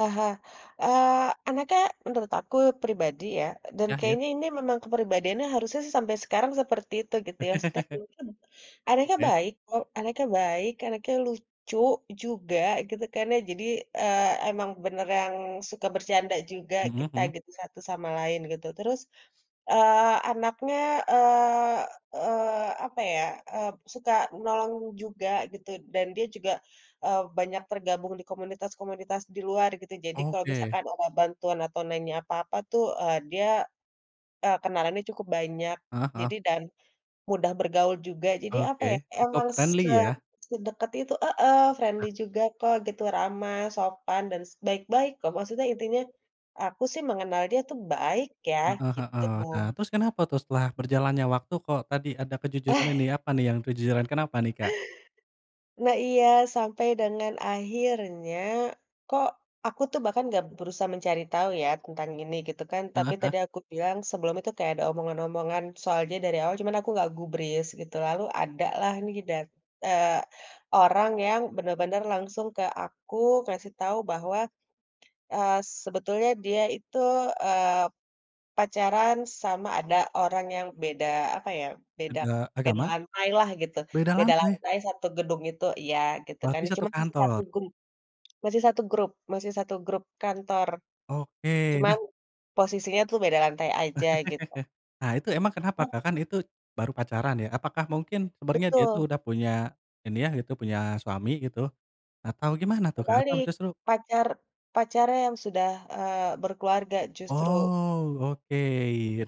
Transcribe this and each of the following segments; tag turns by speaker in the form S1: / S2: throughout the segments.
S1: Aha, eee, anaknya menurut aku pribadi, ya, dan
S2: Iya iya.
S1: kayaknya ini memang kepribadiannya harusnya, sih, sampai sekarang seperti itu gitu, ya, maksudnya [unintelligible] anaknya
S2: Oke.
S1: baik kok, anaknya baik, anaknya lucu juga gitu, kan, ya jadi, eee, emang beneran suka bercanda juga
S2: Mhm
S1: kita
S2: mhm.
S1: gitu satu sama lain gitu. Terus, eee, anaknya, eee, eee, apa, ya, eee, suka menolong juga gitu dan dia juga, eee, banyak tergabung di komunitas-komunitas di luar gitu, jadi kalau
S2: Oke.
S1: misalkan ada bantuan atau nanya apa-apa, tuh, eee, dia, eee, kenalannya cukup banyak,
S2: Heeh heeh.
S1: jadi dan mudah bergaul juga jadi apa, ya,
S2: Oke, cukup
S1: emang se
S2: friendly ya.
S1: sedekat itu, heeh, friendly
S2: Ah.
S1: juga kok gitu ramah, sopan, dan baik-baik, kok, maksudnya intinya aku sih mengenal dia, tuh, baik, ya,
S2: Heeh heeh. Nah
S1: gitu.
S2: terus kenapa tuh setelah berjalannya waktu kok tadi ada kejujuran
S1: Eh.
S2: ini, apa, nih, yang kejujuran kenapa, nih, Kak?
S1: Nah iya, sampai dengan akhirnya, kok aku tuh bahkan nggak berusaha mencari tahu, ya, tentang ini gitu kan. Tapi
S2: Heeh heeh.
S1: tadi aku bilang sebelumnya, tuh, kayak ada omongan-omongan soalnya dari awal cuma aku nggak gubris gitu lalu adalah, nih, dan eee, orang yang bener-bener langsung ke aku ngasih tahu bahwa, eee, sebetulnya dia itu, eee, pacaran sama ada orang yang beda apa, ya, beda
S2: Aga
S1: beda
S2: agama?
S1: lantailah gitu,
S2: beda
S1: beda
S2: lantai?
S1: lantai satu gedung itu iya gitu kan
S2: Berarti
S1: cuma
S2: 1
S1: masih 1
S2: kantor?
S1: grup, masih 1 grup, masih 1 grup kantor.
S2: Oke,
S1: Cuman
S2: nah
S1: posisinya tuh beda lantai aja gitu.
S2: Nah, itu emang kenapa,
S1: Oh.
S2: Kak? Kan, itu baru pacaran, ya, apakah mungkin sebenarnya dia itu
S1: Betul.
S2: udah punya ini, ya, gitu punya suami gitu, atau gimana tuh, Kak? Atau
S1: Kebalik,
S2: justru
S1: pacar pacarnya yang sudah, eee, berkeluarga justru.
S2: Oh, oke.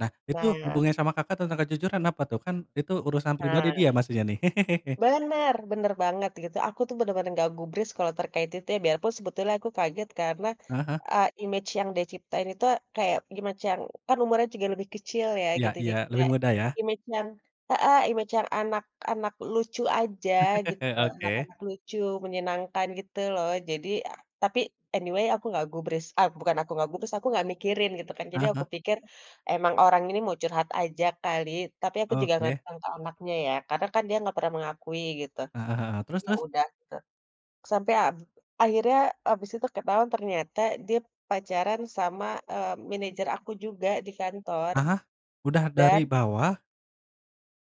S2: Nah, itu
S1: Nah.
S2: hubungannya sama Kakak tentang kejujuran apa, tuh? Kan, itu urusan pribadi
S1: Nah.
S2: dia maksudnya, nih.
S1: Benar benar banget gitu aku, tuh, bener-bener nggak gubris kalau terkait itu, ya, biarpun sebetulnya aku kaget karena,
S2: Heeh heeh.
S1: eee, image yang dia ciptain itu kayak gimacang kan, umurnya juga lebih kecil ya
S2: Iya
S1: gitu
S2: iya,
S1: jadi
S2: lebih
S1: kayak
S2: mudah, ya.
S1: image yang heeh, image yang anak-anak lucu aja gitu,
S2: Oke.
S1: anak-anak lucu, menyenangkan gitu loh jadi tapi anyway, aku nggak gubris eee, bukan aku nggak gubris, aku nggak mikirin gitu, kan, jadi
S2: Heeh heeh.
S1: aku pikir emang orang ini mau curhat aja kali, tapi aku juga nggak
S2: Oke.
S1: datang ke anaknya, ya, karena, kan, dia nggak pernah mengakui gitu.
S2: Heeh heeh, terus
S1: Ya,
S2: terus?
S1: udah gitu, sampai ab akhirnya abis itu ketahuan ternyata dia pacaran sama, eee, manajer aku juga di kantor.
S2: Heeh. Udah dari
S1: Dan
S2: bawah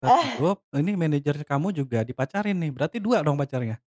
S2: 1
S1: Eh.
S2: grup, lah ini manajer kamu juga dipacarin, nih? Berarti 2 dong pacarnya?